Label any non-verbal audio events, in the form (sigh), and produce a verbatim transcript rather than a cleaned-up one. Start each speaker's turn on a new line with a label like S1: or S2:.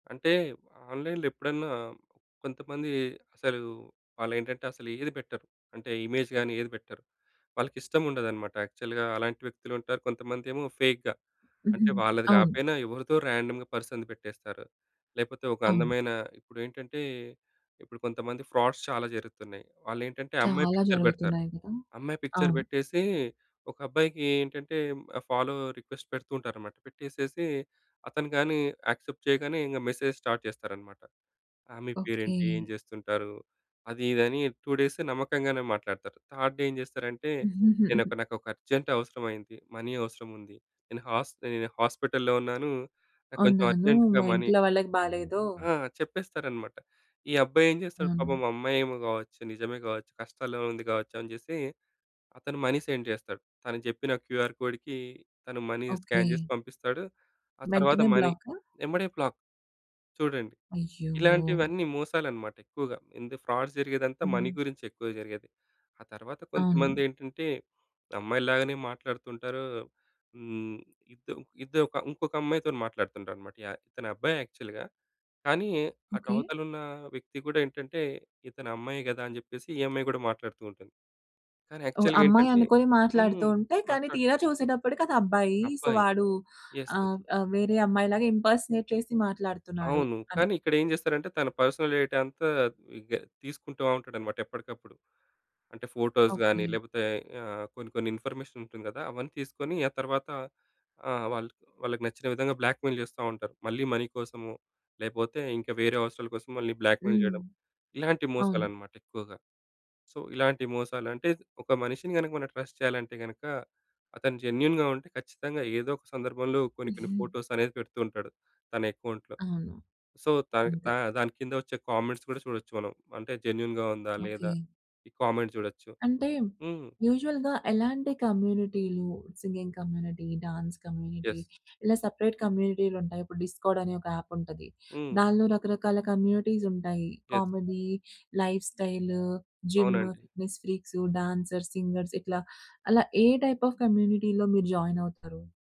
S1: అంటే ఆన్‌లైన్‌లో ఎప్పుడన్నా కొంతమంది అసలు వాళ్ళేంటంటే అసలు ఏది పెట్టరు. అంటే ఇమేజ్ గాని ఏది పెట్టరు. వాళ్ళకి ఇష్టం ఉండదనమాట యాక్చువల్‌గా అలాంటి వ్యక్తులు ఉంటారు. కొంతమందేమో ఫేక్‌గా. అంటే
S2: హ్మ్.
S1: వాళ్ళది
S2: అవును.
S1: కాపోయినా ఎవరితో ర్యాండమ్‌గా పర్సన్‌ది పెట్టేస్తారు. లేపోతే ఒక
S2: అవును.
S1: అందమైన ఇప్పుడేంటంటే ఇప్పుడు కొంతమంది ఫ్రాడ్స్ చాలా జరుగుతున్నాయి. వాళ్ళ ఏంటంటే అమ్మాయి
S2: చాలా
S1: పిక్చర్ పెడతారు.
S2: జరుగుతున్నాయి గదా!
S1: అమ్మాయి పిక్చర్
S2: అవును.
S1: పెట్టేసి ఒక అబ్బాయికి ఏంటంటే ఫాలో రిక్వెస్ట్ పెడుతూ ఉంటారనమాట. పెట్టేసేసి అతను కాని యాక్సెప్ట్ చేయగానే. ఇంగ మెసేజ్ స్టార్ట్ చేస్తారనమాట. ఆ మీ
S2: ఓకే.
S1: పేరేంటి? ఏం చేస్తుంటారు? అది ఇది అని టూ డేస్ నమ్మకంగానే మాట్లాడతారు. థర్డ్ డే ఏం చేస్తారంటే? నేనొక
S2: (chuckles)
S1: నాకొక అర్జెంట్ అవసరమయ్యింది. మనీ అవసరం ఉంది. నేను హాస్ నేను హాస్పిటల్లో ఉన్నాను. నాకు కొంచెం
S2: ఉన్నాను.
S1: అర్జెంట్‌గా
S2: మా
S1: మనీ
S2: ఇంట్లో వాళ్ళకి బాలేదో.
S1: ఆ! చెప్పేస్తారన్నమాట. ఈ అబ్బాయి ఏం చేస్తాడు. పాపం
S2: అవును.
S1: అమ్మాయేమో గావొచ్చు, నిజమే గావొచ్చు, కష్టాలో ఉంది గావొచ్చు అనిజేసి అతను మనీ సెండ్ చేస్తాడు. తను చెప్పిన క్యూఆర్ కోడ్‌కి తను మనీ స్కాన్ చేసి
S2: ఓకే.
S1: పంపిస్తాడు. ఆ తరువాత
S2: వెంటనే
S1: మనీ
S2: బ్లాకా?
S1: ఏమ్మటే బ్లాక్ చూడండి.
S2: అయ్యో!
S1: ఇలాంటివన్నీ మోసాలన్నమాట. ఎక్కువగా ఇంద ఫ్రాడ్ జరిగేదంతా మనీ
S2: హ్మ్.
S1: గురించి ఎక్కువ జరిగేది. ఆ తరువాత కొంతమంది
S2: అవును.
S1: ఏంటంటే అమ్మాయిలాగానే మాట్లాడుతుంటారు. హ్మ్. ఇద్ ఇద్దరు ఇంకొక అమ్మాయితో‌న్ని మాట్లాడుతుంటారన్నమాట యహ్! ఇతనబ్బాయి యాక్చువల్‌గా కానీ అటు
S2: ఓకే.
S1: అవతల ఉన్న వ్యక్తి గూడా ఏంటంటే, ఇతను అమ్మాయే కదా! అని జెప్పేసి ఈ అమ్మాయి కూడా మాట్లాడుతూ ఉంటుంది. కానీ
S2: ఓహ్!
S1: యాక్చువల్‌గా
S2: అమ్మాయి
S1: ఏంటంటే?
S2: అనుకోని మాట్లాడుతూ
S1: హ్మ్.
S2: ఉంటే కానీ
S1: మాట్లాడు
S2: తీరా చూసేటప్పటికి అది అబ్బాయి. సో
S1: అబ్బాయి.
S2: వాడు
S1: యస్, యస్.
S2: ఆహ్, ఆహ్, వేరే అమ్మాయి‌లాగా ఇంపర్సనేట్ చేసి మాట్లాడుతున్నాడు
S1: అవును.
S2: అని.
S1: కానీ ఇక్కడ ఏం చేస్తారంటే? తన పర్సనల్ డేటా అంతా ఇగ తీసుకుంటూ ఉంటాడన్నమాట ఎప్పటికప్పుడు. అంటే ఫోటోస్‌గాని
S2: ఓకే.
S1: లేపోతే ఆ! కొన్ని కొన్ని ఇన్ఫర్మేషన్ ఉంటుంది కదా! అవన్నీ తీసుకొని ఆ తర్వాత ఆహ్, వాల్ వాళ్ళకి నచ్చిన విధంగా బ్లాక్‌మెయిల్ చేస్తా ఉంటారు. మళ్ళీ మనీ కోసమో లేపోతే ఇంకా వేరే అవసరాల కోసం మళ్ళీ బ్లాక్‌మెయిల్
S2: హ్మ్.
S1: చేయడం. ఇలాంటి
S2: అవును.
S1: మోసాలనమాట ఎక్కువగా. సో ఇలాంటి మోసాలు అంటే ఒక మనిషిని గనక మనం ట్రస్ట్ చేయాలంటే గనక. అతను జెన్యూన్‌గా ఉంటే ఖచ్చితంగా ఏదో ఒక సందర్భంలో కొన్ని కొన్ని
S2: (giggles)
S1: ఫోటోస్ అనేది పెడుతూ ఉంటాడు తన అకౌంట్‌లో.
S2: అవును.
S1: సో దానికి దా
S2: అంతే.
S1: దానికింద వచ్చే కామెంట్స్ కూడా చూడొచ్చు మనం. అంటే జెన్యూన్‌గా ఉందా?
S2: ఓకే.
S1: లేదా? ఈ కామెంట్ చూడొచ్చు.
S2: అంటే
S1: హ్మ్.
S2: యూజువల్‌గా ఎలాంటి కమ్యూనిటీలు singing community, dance community,
S1: yes.
S2: ఇలా సెపరేట్ కమ్యూనిటీలుంటాయి. ఇప్పుడు డిస్కార్డ్ అనే ఒక యాప్ ఉంటది.
S1: హ్మ్.
S2: దానిలో రకరకాల కమ్యూనిటీస్ ఉంటాయి.
S1: Yes.
S2: Comedy, life style, gym,
S1: అవునండి.
S2: ఫిట్నెస్ ఫ్రీక్స్, డాన్సర్స్, సింగర్స్ ఇట్లా అలా ఏ టైప్ ఆఫ్ కమ్యూనిటీలో మీరు జాయిన్ అవుతారు?